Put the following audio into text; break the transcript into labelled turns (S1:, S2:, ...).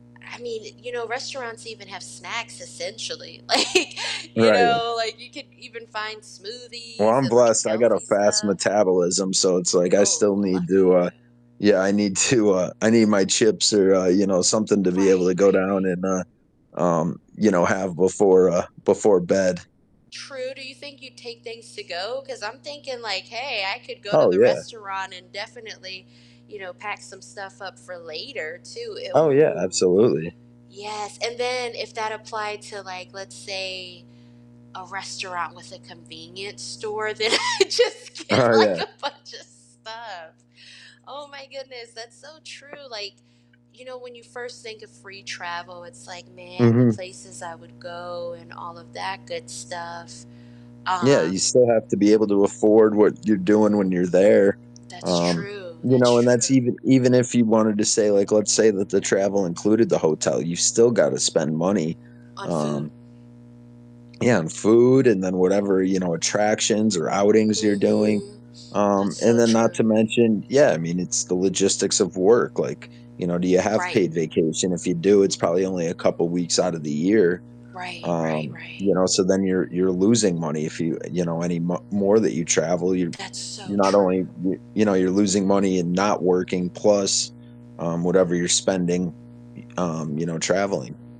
S1: I mean, you know, restaurants even have snacks essentially. Like, you
S2: Right.
S1: know, like, you could even find
S2: Well,
S1: smoothies
S2: I'm
S1: and, like,
S2: blessed, I got a
S1: healthy
S2: fast
S1: stuff.
S2: metabolism, so it's like I
S1: Oh,
S2: still need to,
S1: lucky
S2: uh
S1: you.
S2: Yeah, I need to, uh I need my chips or, uh, you know, something to be able
S1: Right,
S2: to go
S1: right,
S2: down
S1: right.
S2: and, uh um, you know, have before, uh before bed.
S1: True, do you think you'd take things to-go? 'Cause I'm thinking like, "Hey, I could go to
S2: Oh,
S1: the
S2: yeah.
S1: restaurant and definitely, you know, pack some stuff up for later, too." E
S2: Oh, yeah,
S1: Ooh,
S2: absolutely.
S1: yes, and then if that applied to like, let's say, a restaurant with a convenience store, then I just get
S2: Oh, yeah.
S1: like a bunch of stuff. Oh my goodness, that's so true, like, you know, when you first think of free travel, it's like, "Man, the
S2: Mhm.
S1: places I would go and all of that good stuff,"
S2: Yeah, you
S1: um
S2: still have to be able to afford what you're doing when you're there,
S1: That's
S2: um,
S1: true,
S2: you
S1: that's
S2: know, and that's
S1: true.
S2: even even if you wanted to say, like let's say that the travel included the hotel, you still gotta spend money,
S1: On food.
S2: um Yeah, on food, and then whatever, you know, attractions or outings you're doing.
S1: Mhm. That's
S2: Um,
S1: so
S2: and then not
S1: true.
S2: to mention yeah, I mean, it's the logistics of work, like, you know, do you have
S1: Right.
S2: paid vacation? If you do, it's probably only a couple weeks outta the year,
S1: Right, right,
S2: um,
S1: right.
S2: you know? So then you're you're losing money if you you know, any mo more that you travel, you're
S1: That's
S2: you're
S1: so
S2: not only
S1: true.
S2: you're you know, you're losing money and not working plus, um, whatever you're spending, y um, you know, traveling.